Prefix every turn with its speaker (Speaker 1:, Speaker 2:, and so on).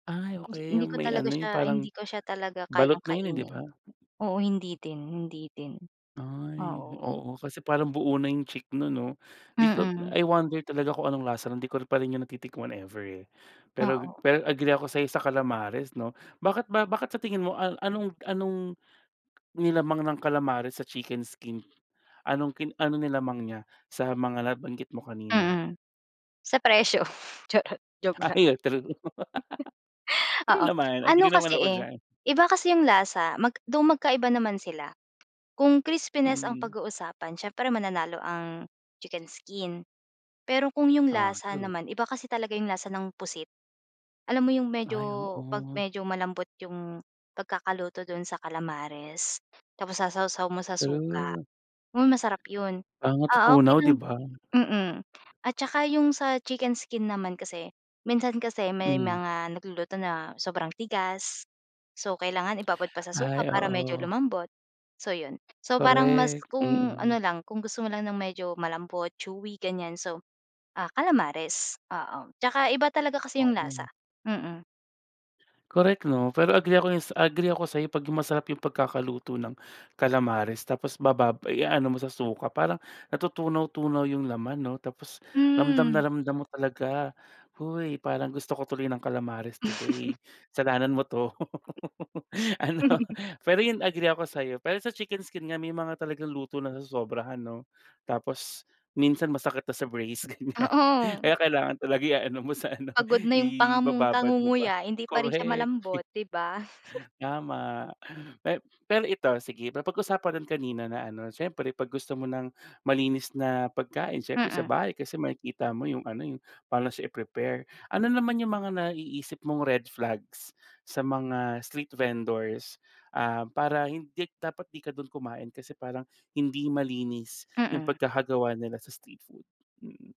Speaker 1: Ay,
Speaker 2: Di
Speaker 1: okey,
Speaker 2: hindi ko
Speaker 1: may
Speaker 2: talaga
Speaker 1: ano, eh, 'yung
Speaker 2: siya
Speaker 1: parang
Speaker 2: hindi ko siya talaga
Speaker 1: balot
Speaker 2: kayang
Speaker 1: na 'yun eh, di
Speaker 2: kainin.
Speaker 1: ba?
Speaker 2: Oo, hindi din hindi din,
Speaker 1: Ay,
Speaker 2: oo.
Speaker 1: oo kasi parang buo na 'yung chick noon 'no? 'Di ko
Speaker 2: Mm.
Speaker 1: I wonder talaga kung anong lasa nun. 'Di ko pa rin 'yun natitikman ever eh. Pero
Speaker 2: Oo.
Speaker 1: pero agree ako sayo sa kalamares 'no. Bakit ba bakit sa tingin mo anong anong nilamang ng kalamares sa chicken skin? Anong ki anong nilamang niya sa mga nabanggit mo kanina?
Speaker 2: Mm, sa presyo charot. Joke lang.
Speaker 1: Ay, true. True
Speaker 2: Oo,
Speaker 1: naman,
Speaker 2: ano
Speaker 1: agree naman
Speaker 2: kasi
Speaker 1: ako
Speaker 2: eh,
Speaker 1: diyan.
Speaker 2: iba kasi 'yung lasa. Mag though magkaiba naman sila. Kung crispiness ang
Speaker 1: Hmm.
Speaker 2: pag-uusapan, siyempre mananalo ang chicken skin. Pero kung 'yung
Speaker 1: Ah,
Speaker 2: lasa
Speaker 1: true.
Speaker 2: naman, iba kasi talaga 'yung lasa ng pusit. Alam mo 'yung medyo,
Speaker 1: Ay,
Speaker 2: 'pag
Speaker 1: oo.
Speaker 2: medyo malambot 'yung pagkakaluto doon sa kalamares tapos sasawsaw mo sa suka,
Speaker 1: True.
Speaker 2: hmm, masarap 'yun.
Speaker 1: Parang
Speaker 2: Ah, okey
Speaker 1: natutunaw,
Speaker 2: lang
Speaker 1: di ba?
Speaker 2: mm. At tsaka 'yung sa chicken skin naman kasi, minsan kasi may
Speaker 1: Hmm.
Speaker 2: mga nagluluto na sobrang tigas. So, kailangan ibabad pa sa suka
Speaker 1: Ay,
Speaker 2: para medyo
Speaker 1: oo.
Speaker 2: lumambot, so 'yun. So, parang mas
Speaker 1: Korek,
Speaker 2: kung
Speaker 1: mm.
Speaker 2: ano lang, kung gusto mo lang ng medyo malambot, chewy, ganyan, so ah, calamares. Oo, tsaka iba talaga kasi 'yung lasa,
Speaker 1: [unintelligible]
Speaker 2: mm.
Speaker 1: Korek 'no. Pero agree ako 'yun sa agree ako sa'yo 'pag 'yung masarap 'yung pagkakaluto ng kalamares tapos babab i-aano mo sa suka, parang natutunaw-tunaw 'yung laman 'no, tapos ramdam
Speaker 2: Hmm.
Speaker 1: na ramdam mo talaga. Hoy, parang gusto ko tuloy ng kalamares today. Kasalanan mo 'to, ano, pero 'yun agree ako sa'yo. Pero sa chicken skin nga may mga talagang luto nasosobrahan 'no? Tapos minsan masakit na sa brace ganyan.
Speaker 2: Oo.
Speaker 1: Kaya kailangan talaga iaano mo sa ano,
Speaker 2: Pagod na 'yung panga mong
Speaker 1: ibababad mo pa,
Speaker 2: kangunguya hindi pa rin siya
Speaker 1: korek.
Speaker 2: malambot, di ba?
Speaker 1: Tama. Me pero ito, sige papag usapan rin kanina na ano, siyempre 'pag gusto mo ng malinis na pagkain siyempre sa
Speaker 2: Mm.
Speaker 1: bahay, kasi makikita mo 'yung ano, 'yung paano siya i-prepare. Ano naman 'yung mga naiisip mong red flags sa mga street vendors, ah, para hindi dapat 'di ka doon kumain kasi parang hindi malinis 'yung
Speaker 2: Mm.
Speaker 1: pagkakagawa nila sa street food. Mm.